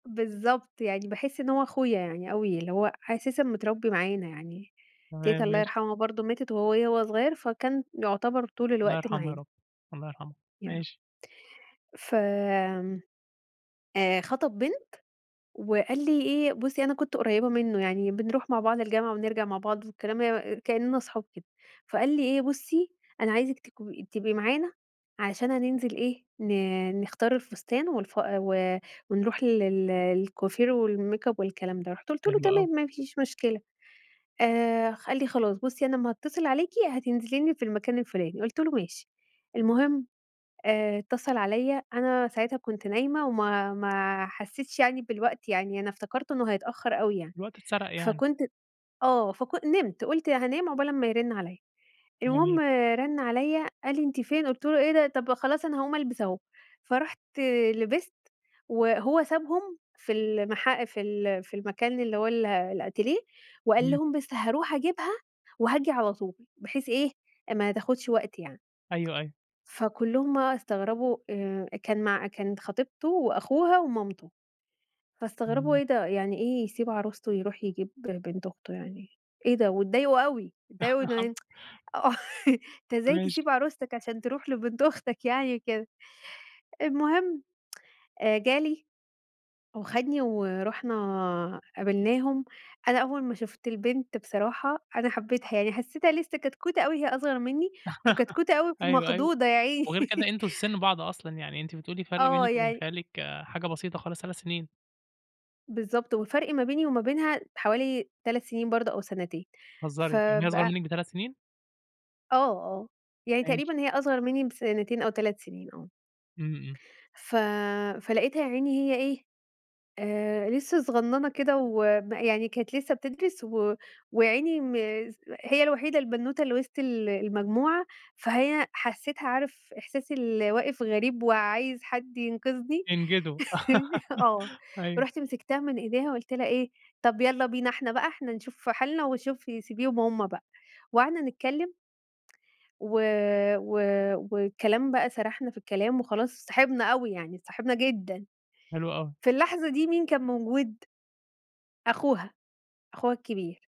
بالضبط، يعني باحس إن هو أخويا يعني أوي اللي هو أساسًا متربي معانا يعني، تمام تيتة الله ماشي. يرحمها برضه ماتت وهي وهو صغيّر فكان يعتبر طول الله الوقت يرحمها يا معانا. رب، الله يرحمها، يا رب. ماشي. ف آآ، خطب بنت وقال لي إيه بُصي أنا كنت قريبة منه يعني بنروح مع بعض الجامعة ونرجع مع بعض وكلام مي كإننا أصحاب كده فقال لي إيه "بُصي أنا عايزك تكو تبقي معانا عشان هننزل إيه ن نختار الفستان والف و ونروح لل للكوافير والميك أب والكلام ده." رُحت قُلت له حلو أوي. "تمام ما فيش مشكلة." آآ، خ قال لي: "خلاص بُصي أنا أمّا هأتصل عليكِ هتنزلي لي في المكان الفلاني" قُلت له "ماشي." المهم آآ، اتصل عليّا أنا ساعتها كنت نايمة وما ما حسيتش يعني بالوقت يعني أنا افتكرته إنه هيتأخر أوي يعني الوقت اتسرق يعني. فكنت آه، فكن نمت قُلت هانام عبال أمّا يرن عليّا المهم جميل. رن عليّا قال لي: "أنتِ فين؟" قُلت له: "إيه ده طَب خلاص أنا هأقوم ألبس أهو." فرُوحت لبست وهو سابهم في ال المحا في ال في المكان اللي هو ال الأتيليه وقال إمم. لهم بس هأروح أجيبها وهآجي على طول بحيث إيه ما تاخدش وقت يعني. أيوه، أيوه. فكلهم بقى استغربوا آآ، كان مع كانت خطيبته وأخوها ومامته، فاستغربوا إمم. إيه ده يعني إيه يسيب عروسته يروح يجيب بنت أخته يعني إيه ده واتضايقوا أوي، اتضايقوا إنه آه أنت إزاي ماشي. تسيب عرستك عشان تروح لبنت أختك يعني كده، المهم جالي وخدني ورُحنا قابلناهم. أنا أول ما شفت البنت بصراحة أنا حبيتها يعني حسيتها لسه كتكوتة أوي هي أصغر مني، وكتكوتة أوي أيوه، أيوه، مخضوضة يا عيني. وغير كده أنتم في سِن بعض أصلًا يعني أنتِ بتقولي فرق آه بينك وبين يعني خالك حاجة بسيطة خالص 3 سنين. بالضبط والفرق ما بيني وما بينها حوالي 3 سنين برضه أو سنتين بتهزرى، يعني هي أصغر فبقى منك بتلت سنين؟ آه، آه، يعني ماشي. تقريبًا هي أصغر مني بسنتين أو 3 سنين آه. إمم، إمم. ف فلقيتها يا عيني هي إيه، آآ، لسه صغننة كده وما يعني كانت لسه بتدرس و ويا عيني م هي الوحيدة البنوتة اللي وسط ال المجموعة فهي حسيتها عارف إحساس اللي واقِف غريب وعايز حد ينقذني، ينجده آه. أيوه. رُحت مسكتها من إيديها قُلت لها إيه: "طَب يالّا بينا إحنا بقى إحنا نشوف حالنا وشوفي سيبيهم هم بقى." وقعدنا نتكلم. و و والكلام بقى سرحنا في الكلام وخلاص اتصاحبنا أوي يعني اتصاحبنا جدًا، حلو أوي. في اللحظة دي مين كان موجود؟ أخوها، أخوها كبير.